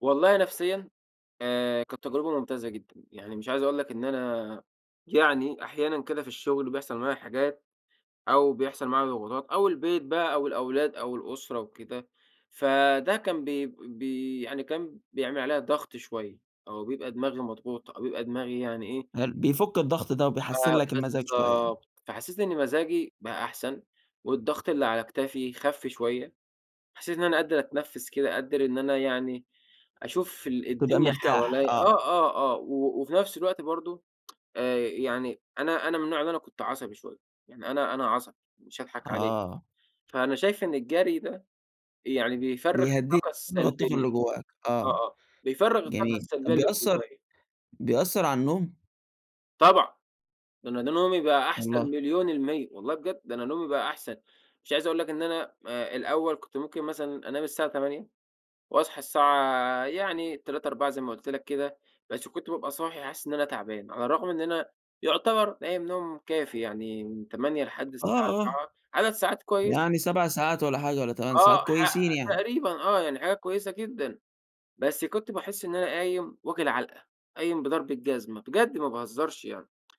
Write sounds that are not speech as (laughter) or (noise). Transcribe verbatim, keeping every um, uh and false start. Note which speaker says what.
Speaker 1: والله نفسيًا، آآ، كانت تجربة ممتازة جدًا، يعني مش عايز أقول لك إن أنا يعني أحيانًا كده في الشغل بيحصل معايا حاجات، أو بيحصل معايا ضغوطات أو البيت بقى أو الأولاد أو الأسرة وكده. فده كان ب ب يعني كان بيعمل عليَّ ضغط شوية أو بيبقى دماغي مضغوط أو بيبقى دماغي يعني إيه
Speaker 2: هل بيفك الضغط ده
Speaker 1: ف
Speaker 2: وبيحسِّن لك المزاج شوية يعني؟
Speaker 1: بالضبط. فحسيت إن مزاجي بقى أحسن، والضغط اللي على كتافي خَفْ شوية، حسيت إن أنا قادر أتنفس كده، قادر إن أنا يعني أشوف ال
Speaker 2: تبقى
Speaker 1: الدنيا
Speaker 2: مرتاح،
Speaker 1: حواليَّ
Speaker 2: آه.
Speaker 1: آه، آه، آه، و وفي نفْس الوقت برضه آآ، يعني أنا أنا من النوع اللي أنا كنت عصبي شوية، يعني أنا أنا عصبي، مش هاضحك عليك.
Speaker 2: آه.
Speaker 1: فأنا شايف إن الجري ده، يعني بيفرّغ
Speaker 2: بيهدِّيك
Speaker 1: الطاقة
Speaker 2: (unintelligible) الطاقة
Speaker 1: السلبية.
Speaker 2: اللي جواك، آه،
Speaker 1: آه، آه، بيفرّغ الطاقة
Speaker 2: جميل،
Speaker 1: السلبية
Speaker 2: طَب
Speaker 1: اللي
Speaker 2: بيأثَّر
Speaker 1: جوايا.
Speaker 2: بيأثَّر على النوم؟
Speaker 1: طبعًا، ده أنا ده نومي بقى أَحْسَن
Speaker 2: والله؟
Speaker 1: مليون المِيّة، والله بجد، ده أنا نومي بقى أَحْسَن. مش عايز أقول لك إن أنا، آآ، الأول كنت ممكن مثلًا أنام الساعة تمانية وأصحى الساعة يعني تلاتة أربعة زي ما قُلت لك كده، بس كنت بابقى صاحي حاسس إن أنا تعبان، على الرغم إن أنا يُعتبر نايم نوم كافي يعني، من تمانية لحد
Speaker 2: آه،
Speaker 1: الساعة
Speaker 2: آه.
Speaker 1: أربعة عدد ساعات كويسة.
Speaker 2: يعني سبَع ساعات والّا حاجة والّا تمن ساعات
Speaker 1: آه ح
Speaker 2: كويسين يعني؟
Speaker 1: تقريبًا آه، يعني حاجة كويسة جدًا، بس كنت باحس إن أنا قايم واكل علْقة، قايم بضرب الجزمة، بجد ما باهزرش يعني.